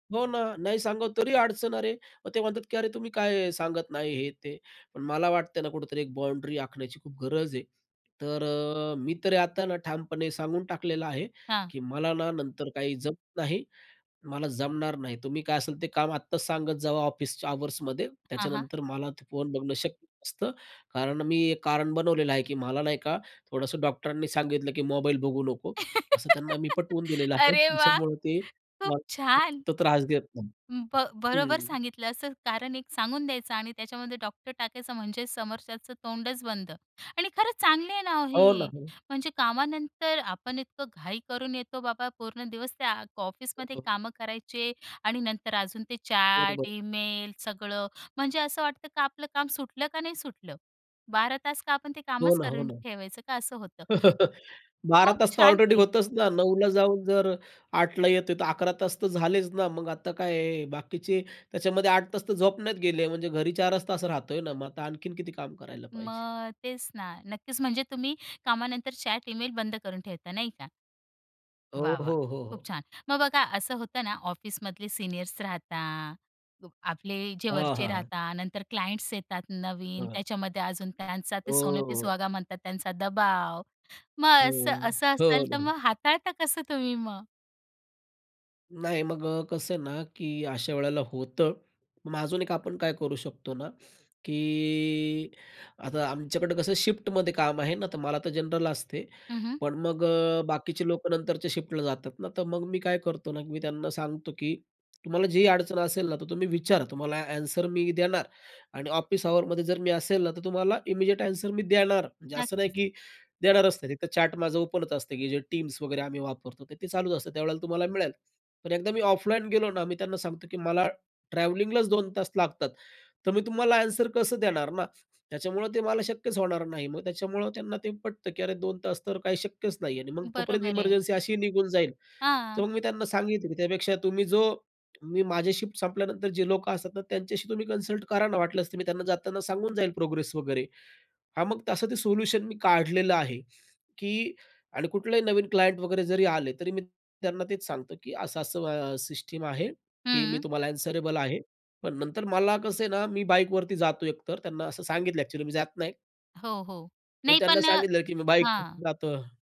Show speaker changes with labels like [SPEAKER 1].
[SPEAKER 1] हो ना. नाही सांगाव तरी अडचण अरे. मग ते म्हणतात की "अरे, तुम्ही काय सांगत नाही?" हे-ते. पण मला वाटतंय ना कुठेतरी एक बाउंडरी आखण्याची खूप गरज आहे. तर अ मी तरी आता ना ठामपणे सांगून टाकलेलं आहे,
[SPEAKER 2] हां.
[SPEAKER 1] की "मला ना नंतर काही जमत नाही, मला जमणार नाही. तुम्ही काय असेल ते काम आत्ताच सांगत जावा, ऑफिसच्या अवर्समध्ये.
[SPEAKER 2] हां, हां.
[SPEAKER 1] त्याच्यानंतर मला ते फोन बघणं शक्य नसतं." कारण मी एक कारण बनवलेलं आहे, की मला नाही का थोडंसं डॉक्टरांनी सांगितलं, की मोबाईल बघू नको. असं त्यांना मी पटवून दिलेलं आहे,
[SPEAKER 2] अरे वाह!
[SPEAKER 1] त्याच्यामुळे ते
[SPEAKER 2] खूप
[SPEAKER 1] मला
[SPEAKER 2] छान.
[SPEAKER 1] [unintelligible] त्रास देत नाहीत.
[SPEAKER 2] अं, ब बरोबर
[SPEAKER 1] हम्म.
[SPEAKER 2] सांगितलं, असं कारण एक सांगून द्यायचं आणि त्याच्यामध्ये डॉक्टर टाकायचं म्हणजे समोरच्याचं तोंडच बंद. आणि खरंच चांगली आहे ना, ओ
[SPEAKER 1] हो ना,
[SPEAKER 2] हे.
[SPEAKER 1] हो.
[SPEAKER 2] म्हणजे कामानंतर आपण इतकं घाई करून येतो, बाबा पूर्ण दिवस त्या
[SPEAKER 1] हो,
[SPEAKER 2] ऑफिसमध्ये
[SPEAKER 1] हो, हो.
[SPEAKER 2] कामं करायचे. आणि नंतर अजून ते
[SPEAKER 1] बरोबर.
[SPEAKER 2] चॅट ईमेल सगळं, म्हणजे असं वाटतं का आपलं काम सुटलं का, नाही सुटलं? 12 तास का आपण ते
[SPEAKER 1] हो
[SPEAKER 2] कामच
[SPEAKER 1] ना, हो
[SPEAKER 2] करून
[SPEAKER 1] ना.
[SPEAKER 2] ठेवायचं का असं होतं.
[SPEAKER 1] 12
[SPEAKER 2] खूप
[SPEAKER 1] तास तर
[SPEAKER 2] छान
[SPEAKER 1] ऑलरेडी
[SPEAKER 2] केले.
[SPEAKER 1] होतंच ना. 9:00ला जाऊन जर 8:00ला येत आहे, तर 11 तास तर झालेच ना. मग आता काय बाकीचे त्याच्यामध्ये 8 तास तर झोपण्यात गेले. म्हणजे घरी 4च तास राहत आहे ना, मग आता आणखीन किती काम करायला पाहिजे?
[SPEAKER 2] मग तेच ना. नक्कीच म्हणजे तुम्ही कामानंतर चॅट ईमेल बंद करून ठेवता, नाही का?
[SPEAKER 1] हो,
[SPEAKER 2] वाह,
[SPEAKER 1] हो,
[SPEAKER 2] वाह!
[SPEAKER 1] हो,
[SPEAKER 2] खूप
[SPEAKER 1] हो.
[SPEAKER 2] छान. मग बघा असं होतं ना, ऑफिसमधले सीनियर्स राहता [unintelligible] आपले जे
[SPEAKER 1] हां,
[SPEAKER 2] वरचे
[SPEAKER 1] हां, हां.
[SPEAKER 2] राहता, नंतर क्लायंट्स येतात नवीन,
[SPEAKER 1] [unintelligible]
[SPEAKER 2] त्याच्यामध्ये अजून त्यांचा
[SPEAKER 1] हो,
[SPEAKER 2] ते "सोने पे
[SPEAKER 1] हो.
[SPEAKER 2] सुहागा" म्हणतात त्यांचा दबाव. मग
[SPEAKER 1] हो,
[SPEAKER 2] असं
[SPEAKER 1] हो.
[SPEAKER 2] असं असेल
[SPEAKER 1] हो
[SPEAKER 2] तर
[SPEAKER 1] ना.
[SPEAKER 2] मग हाताळता कसं तुम्ही मग?
[SPEAKER 1] नाही, मग अ, कसं आहे ना की अशावेळेला होतं. मग अजून एक आपण काय करू शकतो ना की आता आमच्याकडे कसं शिफ्टमध्ये काम आहे ना, तर मला तर जनरल असते.
[SPEAKER 2] हं, हं.
[SPEAKER 1] पण मग अ बाकीचे लोकं नंतरच्या शिफ्टला जातात ना, तर मग मी काय करतो ना, की मी त्यांना सांगतो, की तुम्हाला जी अडचण असेल ना तर तुम्ही विचारा, तुम्हाला आन्सर मी देणार. आणि ऑफिस अवरमध्ये जर मी असेल ना, तर तुम्हाला इमिडिएट आन्सर मी देणार. म्हणजे असं नाही,
[SPEAKER 2] नक्कीच.
[SPEAKER 1] की देणारचं नाही. एक तर चॅट माझं ओपनच असतं की जे Teams वगैरे आम्ही वापरतो. तर ते चालूच असतं, त्यावेळेला तुम्हाला मिळेल. पण एकदा मी ऑफलाईन गेलो ना, मी त्यांना सांगतो की "मला ट्रॅव्हलिंगलाच 2 तास लागतात. तर मी तुम्हाला आन्सर कसं देणार ना? त्याच्यामुळं ते मला शक्यच होणार नाही." मग त्याच्यामुळं त्यांना ते पटतं, की अरे! 2 तास तर काही शक्यच नाही. आणि मग तोपर्यंत
[SPEAKER 2] बरोबर आहे.
[SPEAKER 1] इमर्जन्सी अशीही निघून जाईल. तर
[SPEAKER 2] हां.
[SPEAKER 1] मग मी त्यांना सांगितलं, की त्यापेक्षा तुम्ही जो मी माझ्या शिफ्ट संपल्यानंतर जे लोकं असतात ना, त्यांच्याशी तुम्ही कन्सल्ट करा ना. वाटल्यास तर, मी त्यांना जाताना सांगून जाईल प्रोग्रेस वगैरे. हां, मग तसं ते सोल्युशन मी काढलेलं आहे. की आणि कुठलाही नवीन क्लायंट वगैरे जरी आले, तरी मी त्यांना तेच सांगतो की असं-असं सिस्टम आहे, की मी
[SPEAKER 2] हम्म.
[SPEAKER 1] तुम्हाला आन्सरेबल आहे. पण नंतर मला कसं आहे ना, मी बाईकवरती जातो एकतर त्यांना असं सांगितलं आहे, अ‍ॅक्चुअली मी जात नाही.
[SPEAKER 2] हो, हो.
[SPEAKER 1] पण
[SPEAKER 2] नाही
[SPEAKER 1] त्यांना
[SPEAKER 2] पण
[SPEAKER 1] सांगितलं की मी बाईकवर
[SPEAKER 2] हां.
[SPEAKER 1] जातो.